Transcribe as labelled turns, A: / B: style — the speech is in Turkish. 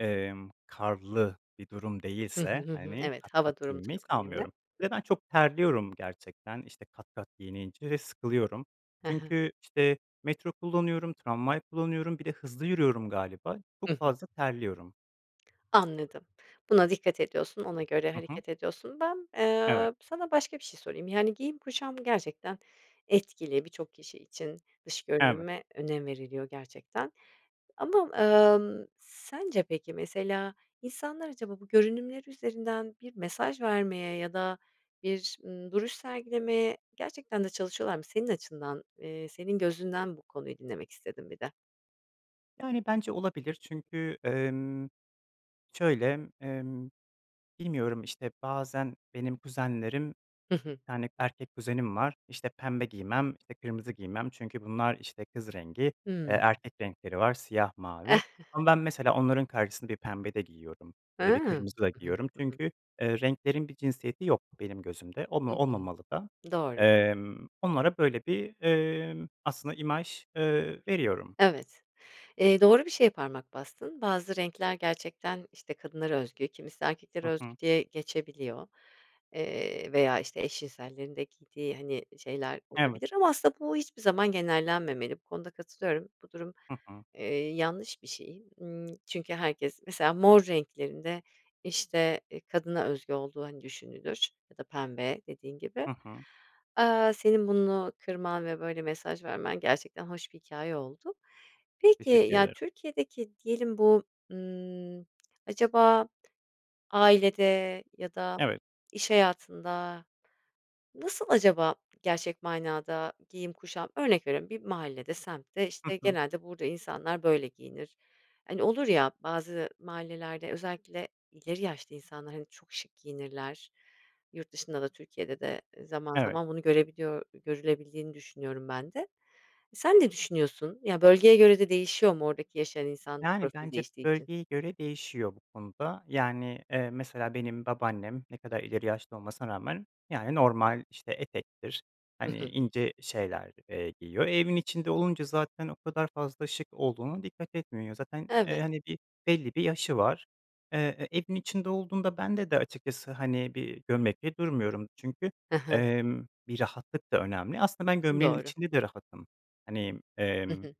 A: Emm, karlı bir durum
B: Hı hı,
A: değilse,
B: hı hı.
A: hani,
B: Evet,
A: kat kat
B: hava durumu da
A: giyinmeyi
B: çok önemli.
A: sanmıyorum. Ve ben çok terliyorum gerçekten, işte, kat kat giyinince ve sıkılıyorum.
B: Hı hı.
A: Çünkü, işte, metro kullanıyorum, tramvay kullanıyorum, bir de hızlı yürüyorum galiba, çok
B: Hı hı.
A: fazla terliyorum.
B: Anladım. Buna dikkat ediyorsun, ona göre
A: Hı hı.
B: hareket ediyorsun. Ben,
A: Evet.
B: eee, sana başka bir şey sorayım. Yani, giyim kuşam gerçekten etkili birçok kişi için. Dış
A: Evet.
B: görünüme önem veriliyor gerçekten. Ama, ımm, sence, peki, mesela, insanlar acaba bu görünümleri üzerinden bir mesaj vermeye ya da bir, ımm, duruş sergilemeye gerçekten de çalışıyorlar mı? Senin açından, eee, senin gözünden bu konuyu dinlemek istedim bir de.
A: Yani, bence olabilir. Çünkü, emm, şöyle, emm, bilmiyorum, işte, bazen benim kuzenlerim,
B: Hı hı.
A: 2 tane erkek kuzenim var. İşte, "Pembe giymem." İşte, "Kırmızı giymem." Çünkü bunlar, işte, kız rengi. Eee,
B: Hıı.
A: erkek renkleri var, siyah, mavi. Ama ben, mesela, onların karşısında bir pembe de giyiyorum ya da bir
B: Hıı.
A: kırmızı da
B: Hı hı,
A: giyiyorum.
B: hı hı.
A: Çünkü, eee, renklerin bir cinsiyeti yok benim gözümde. Olma
B: Hı hı,
A: olmamalı da.
B: doğru.
A: Emm, onlara böyle bir, eee, aslında imaj, eee, veriyorum.
B: Evet, eee, doğru bir şeye parmak bastın. Bazı renkler gerçekten, işte, kadınlara özgü, kimisi erkeklere
A: Hı
B: özgü
A: hı.
B: diye geçebiliyor. Eee, veya, işte, eş cinsellerin de giydiği, hani, şeyler
A: Evet.
B: olabilir ama aslında bu hiçbir zaman genellenmemeli. Bu konuda katılıyorum. Bu durum,
A: Hı hı.
B: eee, yanlış bir şey. Imm, çünkü herkes mesela, mor renklerin de, işte, eee, kadına özgü olduğu, hani, düşünülür ya da pembe dediğin gibi.
A: Hı hı.
B: Aaa, senin bunu kırman ve böyle mesaj vermen gerçekten hoş bir hikâye oldu. Peki,
A: Teşekkür
B: ya,
A: ederim.
B: Türkiye'deki diyelim, bu, ımm, acaba ailede ya da
A: Evet.
B: iş hayatında nasıl acaba gerçek manada giyim kuşam? Örnek veriyorum, bir mahallede, semtte,
A: Hı
B: işte,
A: hı.
B: genelde burada insanlar böyle giyinir. Hani, olur ya, bazı mahallelerde özellikle ileri yaşta insanlar, hani, çok şık giyinirler. Yurt dışında da, Türkiye'de de zaman
A: Evet.
B: zaman bunu görebiliyor görülebildiğini düşünüyorum ben de. Sen ne düşünüyorsun? Ya, bölgeye göre de değişiyor mu oradaki yaşayan insan
A: Yani,
B: profili
A: bence
B: değiştiği için?
A: bölgeye göre değişiyor bu konuda. Yani, eee, mesela, benim babaannem ne kadar ileri yaşta olmasına rağmen, yani, normal, işte, etektir,
B: Hı
A: hani,
B: hı.
A: ince şeyler, eee, giyiyor. E, evin içinde olunca zaten o kadar fazla şık olduğuna dikkat etmiyor. Zaten, eee,
B: Evet.
A: hani, bir belli bir yaşı var. Eee, evin içinde olduğunda bende de açıkçası, hani, bir gömlekle durmuyorum. Çünkü,
B: Hı hı.
A: emm, bir rahatlık da önemli. Aslında ben gömleğin
B: Doğru.
A: içinde de rahatım. Hani,
B: Hı
A: emm
B: hı.